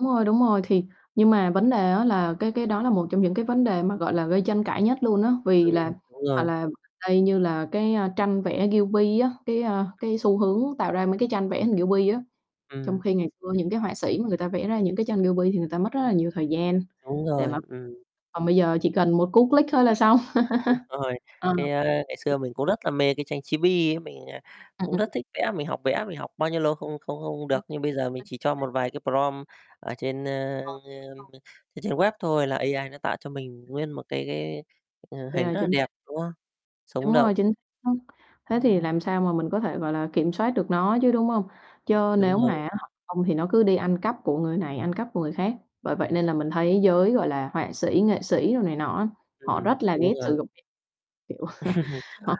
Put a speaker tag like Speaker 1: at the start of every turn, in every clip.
Speaker 1: Đúng rồi, đúng rồi. Thì nhưng mà vấn đề á là cái cái đó là một trong những cái vấn đề mà, gọi là, gây tranh cãi nhất luôn á, vì
Speaker 2: Ừm,
Speaker 1: là
Speaker 2: đúng
Speaker 1: hoặc
Speaker 2: rồi.
Speaker 1: là đây như là cái, a, tranh vẽ Ghibli á, cái, a, cái xu hướng tạo ra mấy cái tranh vẽ hình Ghibli á. Trong
Speaker 2: Ừm.
Speaker 1: khi ngày xưa những cái họa sĩ mà người ta vẽ ra những cái tranh Ghibli thì người ta mất rất là nhiều thời gian
Speaker 2: Đúng
Speaker 1: để
Speaker 2: rồi,
Speaker 1: mà
Speaker 2: ừm.
Speaker 1: còn bây giờ chỉ cần một cú click thôi là xong.
Speaker 2: Đúng rồi,
Speaker 1: Ờ.
Speaker 2: cái, a, ngày xưa mình cũng rất là mê cái tranh Chibi á, mình, à,
Speaker 1: Ừm,
Speaker 2: cũng rất
Speaker 1: ừm.
Speaker 2: thích vẽ, mình học vẽ, mình học bao nhiêu lâu không không không không được, nhưng bây giờ mình chỉ cho
Speaker 1: [unintelligible]
Speaker 2: một vài cái prompt ở trên, ơ,
Speaker 1: Ờ,
Speaker 2: ờm,
Speaker 1: luôn.
Speaker 2: trên trên web thôi là AI nó tạo cho mình nguyên một cái cái, ờ, hình
Speaker 1: Yeah,
Speaker 2: rất là
Speaker 1: chính
Speaker 2: đẹp,
Speaker 1: xác.
Speaker 2: đúng không? Sống
Speaker 1: Đúng
Speaker 2: động.
Speaker 1: rồi, chính [unintelligible] thế thì làm sao mà mình có thể, gọi là, kiểm soát được nó chứ, đúng hông?
Speaker 2: Ừm,
Speaker 1: Chớ
Speaker 2: đúng
Speaker 1: nếu mà á
Speaker 2: rồi.
Speaker 1: hả, hông thì nó cứ đi ăn cắp của người này, ăn cắp của người khác, bởi vậy
Speaker 2: Ừm.
Speaker 1: nên là mình thấy giới, gọi là, họa sĩ, nghệ sĩ đồ này nọ á, họ
Speaker 2: Ừm,
Speaker 1: rất là
Speaker 2: đúng
Speaker 1: ghét
Speaker 2: rồi.
Speaker 1: sử dụng, kiểu, họ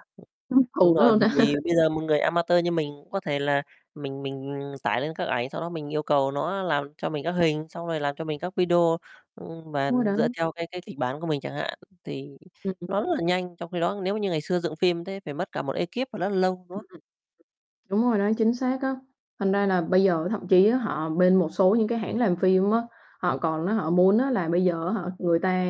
Speaker 1: căm
Speaker 2: Đúng
Speaker 1: thù nó
Speaker 2: rồi,
Speaker 1: luôn.
Speaker 2: bởi vì bây giờ một người a ma tơ như mình cũng có thể là mình mình tải lên các ảnh, sau đó mình yêu cầu nó làm cho mình các hình, xong rồi làm cho mình các video, ưm, mà
Speaker 1: Đúng rồi
Speaker 2: dựa
Speaker 1: đấy.
Speaker 2: theo cái cái kịch bản của mình chẳng hạn, thì
Speaker 1: Ừm, ừm.
Speaker 2: nó rất là nhanh, trong khi đó nếu như ngày xưa dựng phim thế phải mất cả một ekip và nó lâu, đúng
Speaker 1: Ừm, ừm.
Speaker 2: không?
Speaker 1: Đúng rồi đấy, chính xác á, thành ra là bây giờ thậm chí á họ bên một số những cái hãng làm phim á họ còn á, họ muốn á là bây giờ á hả, người ta,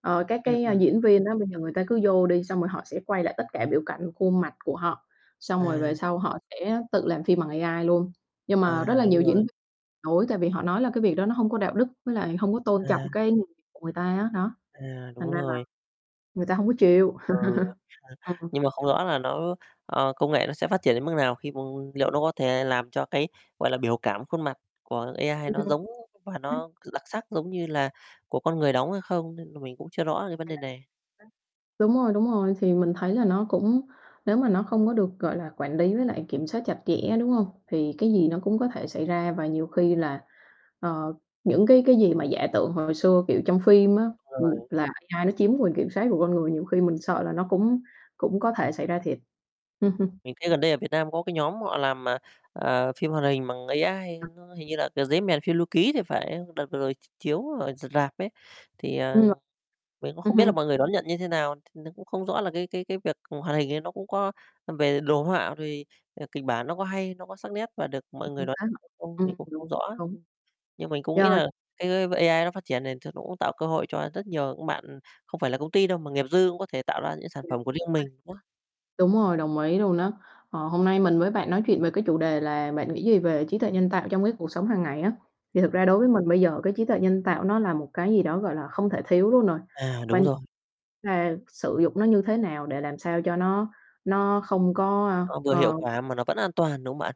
Speaker 1: ờ, các
Speaker 2: Ừm,
Speaker 1: cái
Speaker 2: ừm.
Speaker 1: diễn viên á bây giờ người ta cứ vô đi xong rồi họ sẽ quay lại tất cả biểu cảnh khuôn mặt của họ, xong rồi về
Speaker 2: À.
Speaker 1: sau họ sẽ tự làm phim bằng AI luôn. Nhưng mà
Speaker 2: À,
Speaker 1: rất là nhiều
Speaker 2: đúng
Speaker 1: diễn
Speaker 2: rồi.
Speaker 1: viên đối tại vì họ nói là cái việc đó nó hông có đạo đức với lại hông có tôn trọng
Speaker 2: À.
Speaker 1: cái [unintelligible] của người ta á, đó,
Speaker 2: À, đúng
Speaker 1: thành ra là
Speaker 2: rồi.
Speaker 1: người ta hông có
Speaker 2: Ừm,
Speaker 1: chịu.
Speaker 2: ừ, ừ,
Speaker 1: Ừm.
Speaker 2: nhưng mà không rõ là nó ờ, công nghệ nó sẽ phát triển đến mức nào khi [unintelligible] liệu nó có thể làm cho cái, gọi là, biểu cảm khuôn mặt của AI
Speaker 1: Ừm.
Speaker 2: nó giống và
Speaker 1: Ừm.
Speaker 2: nó [unintelligible] đặc sắc, giống như là của con người đóng hay không, nên là mình cũng chưa rõ cái vấn đề
Speaker 1: [unintelligible]
Speaker 2: này.
Speaker 1: Đúng rồi, đúng rồi, thì mình thấy là nó cũng nếu mà nó không có được, gọi là, quản lý với lại kiểm soát chặt chẽ, đúng hông? Thì cái gì nó cũng có thể xảy ra và nhiều khi là, ờ, những cái cái gì mà giả tưởng hồi xưa, kiểu, trong phim á, ừm,
Speaker 2: Rồi.
Speaker 1: là AI nó chiếm quyền kiểm soát của con người, nhiều khi mình sợ là nó cũng cũng có thể xảy ra thiệt. Ừm, ừm.
Speaker 2: Mình thấy gần đây ở Việt Nam có cái nhóm họ làm, à, ờ, phim hoạt hình bằng AI,
Speaker 1: Ờ.
Speaker 2: nó hình như là, kiểu, "Dế Mèn Phiêu Lưu Ký" thì phải, đợt vừa rồi ch chiếu ở r rạp ấy, thì, à,
Speaker 1: Ừ.
Speaker 2: mình cũng
Speaker 1: Ừm
Speaker 2: không biết là
Speaker 1: hưm.
Speaker 2: mọi người đón nhận như thế nào, t nó cũng không rõ là cái cái cái việc hoạt hình ấy nó cũng có về đồ họa thì, ờ, kịch bản nó có hay, nó có sắc nét và được mọi người đón nhận
Speaker 1: [unintelligible]
Speaker 2: hay không, mình
Speaker 1: Ừm, đúng,
Speaker 2: cũng
Speaker 1: đúng,
Speaker 2: không rõ.
Speaker 1: đúng.
Speaker 2: Ưm, nhưng mình cũng nghĩ
Speaker 1: Rồi.
Speaker 2: là cái, ơ, AI nó phát triển để cho nó cũng tạo cơ hội cho rất nhiều những bạn không phải là công ty đâu, mà nghiệp dư cũng có thể tạo ra những cái sản
Speaker 1: [unintelligible]
Speaker 2: phẩm của riêng mình [unintelligible]
Speaker 1: Đúng rồi, đồng ý luôn á. Ờ, hôm nay mình với bạn nói chuyện về cái chủ đề là bạn nghĩ gì về trí tuệ nhân tạo trong cái cuộc sống hàng ngày á, thì thực
Speaker 2: [unintelligible]
Speaker 1: ra đối với mình bây giờ cái trí tuệ nhân tạo nó là một cái gì đó, gọi là, không thể thiếu luôn rồi,
Speaker 2: À, đúng
Speaker 1: quan
Speaker 2: rồi.
Speaker 1: là sử dụng nó như thế nào để làm sao cho nó nó không có, ơ,
Speaker 2: Nó vừa hiệu
Speaker 1: ờ
Speaker 2: quả mà nó vẫn an toàn, đúng không bạn?